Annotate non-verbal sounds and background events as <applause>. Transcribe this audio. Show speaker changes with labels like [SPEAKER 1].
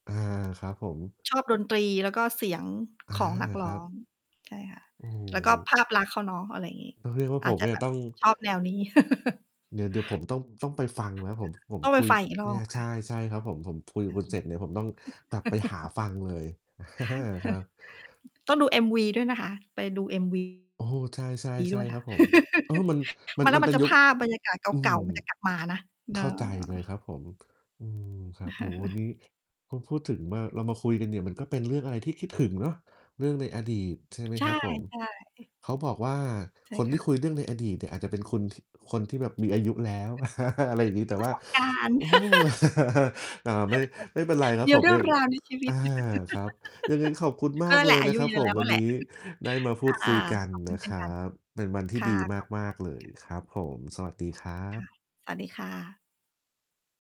[SPEAKER 1] อา ครับผม
[SPEAKER 2] ชอบดนตรี แล้วก็เสียง
[SPEAKER 1] อา
[SPEAKER 2] ของนักร
[SPEAKER 1] คร
[SPEAKER 2] ้
[SPEAKER 1] ั
[SPEAKER 2] อ
[SPEAKER 1] บ
[SPEAKER 2] ง ใช่ค่ะ
[SPEAKER 1] โอ้โ
[SPEAKER 2] แล้วก็
[SPEAKER 1] ฮ
[SPEAKER 2] ภาพลักษณ์เขาเนาะ อะไรงี้
[SPEAKER 1] ต้องเรียกว่า
[SPEAKER 2] อ
[SPEAKER 1] ผ
[SPEAKER 2] าจ
[SPEAKER 1] ม
[SPEAKER 2] จะ
[SPEAKER 1] เนี
[SPEAKER 2] แ
[SPEAKER 1] ่
[SPEAKER 2] บ
[SPEAKER 1] ย
[SPEAKER 2] บ
[SPEAKER 1] ต้อง
[SPEAKER 2] ชอบแนวนี้ <chuckles>
[SPEAKER 1] เดี๋ยว เดี๋ยวผมต้อง ต้องไปฟังแล้ว ผม
[SPEAKER 2] <unintelligible>
[SPEAKER 1] ผม
[SPEAKER 2] ต้องไป
[SPEAKER 1] คุย
[SPEAKER 2] ฟังอีกร
[SPEAKER 1] เน
[SPEAKER 2] อ
[SPEAKER 1] ี่ย
[SPEAKER 2] บ
[SPEAKER 1] ใ
[SPEAKER 2] ค
[SPEAKER 1] ช
[SPEAKER 2] ่
[SPEAKER 1] ่
[SPEAKER 2] ะ
[SPEAKER 1] ใช่ครับผม ผมคุยก
[SPEAKER 2] อ
[SPEAKER 1] ับ
[SPEAKER 2] ื
[SPEAKER 1] คุ
[SPEAKER 2] อ
[SPEAKER 1] ณ
[SPEAKER 2] ฮ
[SPEAKER 1] เ
[SPEAKER 2] ึ
[SPEAKER 1] สร็จเนี่ย ผมต้องกลับไปหา
[SPEAKER 2] <chuckles>
[SPEAKER 1] ฟังเลย <chuckles> ครับ
[SPEAKER 2] <chuckles> ต้องดู MV ด้วยนะคะ ไปดู MV
[SPEAKER 1] โอ้โฮ ใช่ ๆ ใช
[SPEAKER 2] ด้
[SPEAKER 1] ่
[SPEAKER 2] วยค
[SPEAKER 1] ค
[SPEAKER 2] ่
[SPEAKER 1] รั
[SPEAKER 2] ะ
[SPEAKER 1] บผม เออ
[SPEAKER 2] <laughs>
[SPEAKER 1] มัน มั
[SPEAKER 2] มั
[SPEAKER 1] น
[SPEAKER 2] น แล้
[SPEAKER 1] มั
[SPEAKER 2] ว
[SPEAKER 1] น
[SPEAKER 2] มั
[SPEAKER 1] เป
[SPEAKER 2] น
[SPEAKER 1] ็
[SPEAKER 2] จ
[SPEAKER 1] น
[SPEAKER 2] ะ
[SPEAKER 1] ยุ
[SPEAKER 2] ภ
[SPEAKER 1] ค
[SPEAKER 2] าพบรรยากาศ
[SPEAKER 1] อื
[SPEAKER 2] เก่
[SPEAKER 1] ม
[SPEAKER 2] า ๆ มันจะกลับ มานะ เ
[SPEAKER 1] เ
[SPEAKER 2] อ
[SPEAKER 1] ข้าใจเ
[SPEAKER 2] อ
[SPEAKER 1] ลย ครับผม อืม ครับ โอ้โฮ วันน
[SPEAKER 2] <chuckles>
[SPEAKER 1] ี้ พูด พูดถึงว่าเรามาคุยกันเนี่ย มันก็เป็นเรื่องอะไรที่คิดถึงเนาะ เรื่องในอดีต ใช่ไหม
[SPEAKER 2] ใช่
[SPEAKER 1] ครับผม
[SPEAKER 2] ๆ อ
[SPEAKER 1] เขาบอกว่า
[SPEAKER 2] ใช่
[SPEAKER 1] คน
[SPEAKER 2] ค
[SPEAKER 1] ที
[SPEAKER 2] ่
[SPEAKER 1] ่
[SPEAKER 2] ะ
[SPEAKER 1] คุยเรื่องในอดีตเนี่ยอาจจะเป็นคน ท คนที่แบบมีอายุแล้ว
[SPEAKER 2] <laughs> ม
[SPEAKER 1] <chuckles> อะไรอย่างงี้ แต
[SPEAKER 2] ี
[SPEAKER 1] ่
[SPEAKER 2] ปร
[SPEAKER 1] ว
[SPEAKER 2] ะ
[SPEAKER 1] ่า
[SPEAKER 2] สบ การณ
[SPEAKER 1] โ
[SPEAKER 2] ์
[SPEAKER 1] อ้
[SPEAKER 2] <laughs>
[SPEAKER 1] <chuckles> อ่า ไม่ ไม่เป็นไร
[SPEAKER 2] <giggles>
[SPEAKER 1] ครั
[SPEAKER 2] ม
[SPEAKER 1] บ
[SPEAKER 2] ี
[SPEAKER 1] ผ
[SPEAKER 2] เ
[SPEAKER 1] ม
[SPEAKER 2] รื
[SPEAKER 1] เ
[SPEAKER 2] ่
[SPEAKER 1] น
[SPEAKER 2] อ
[SPEAKER 1] ี
[SPEAKER 2] ง
[SPEAKER 1] ่ย
[SPEAKER 2] ราว ใน ชีวิ
[SPEAKER 1] อ อ
[SPEAKER 2] ต
[SPEAKER 1] า ครับ ยังไงขอบคุณ
[SPEAKER 2] <giggles>
[SPEAKER 1] ม
[SPEAKER 2] ก็
[SPEAKER 1] าก
[SPEAKER 2] นั่นแ
[SPEAKER 1] เล
[SPEAKER 2] หล
[SPEAKER 1] ย
[SPEAKER 2] ะ อา
[SPEAKER 1] น
[SPEAKER 2] ย
[SPEAKER 1] ะ
[SPEAKER 2] ุ
[SPEAKER 1] ครั
[SPEAKER 2] เ
[SPEAKER 1] บ
[SPEAKER 2] ยอะ
[SPEAKER 1] ผ
[SPEAKER 2] แล
[SPEAKER 1] ม
[SPEAKER 2] ้ว
[SPEAKER 1] ว
[SPEAKER 2] น
[SPEAKER 1] ั
[SPEAKER 2] ั่
[SPEAKER 1] น
[SPEAKER 2] นแห
[SPEAKER 1] น
[SPEAKER 2] ละ
[SPEAKER 1] ี้
[SPEAKER 2] <giggles>
[SPEAKER 1] ได้มาพ
[SPEAKER 2] ค
[SPEAKER 1] ู
[SPEAKER 2] ่
[SPEAKER 1] ด
[SPEAKER 2] ะ
[SPEAKER 1] คุยกัน
[SPEAKER 2] ขอบคุ
[SPEAKER 1] น
[SPEAKER 2] ณ
[SPEAKER 1] ะ
[SPEAKER 2] เช่
[SPEAKER 1] ค
[SPEAKER 2] น
[SPEAKER 1] รั
[SPEAKER 2] กัน
[SPEAKER 1] บ เป็นวันที่
[SPEAKER 2] ค่
[SPEAKER 1] ด
[SPEAKER 2] ะ
[SPEAKER 1] ี
[SPEAKER 2] ขอบคุ
[SPEAKER 1] ม
[SPEAKER 2] ณ
[SPEAKER 1] า
[SPEAKER 2] มา
[SPEAKER 1] ก
[SPEAKER 2] กเ
[SPEAKER 1] ๆ
[SPEAKER 2] ช
[SPEAKER 1] เ
[SPEAKER 2] ่
[SPEAKER 1] ล
[SPEAKER 2] น
[SPEAKER 1] ย
[SPEAKER 2] กัน
[SPEAKER 1] ครับผม สวัสดีครั
[SPEAKER 2] ค่ะ
[SPEAKER 1] บ
[SPEAKER 2] สวัสดีค่ะ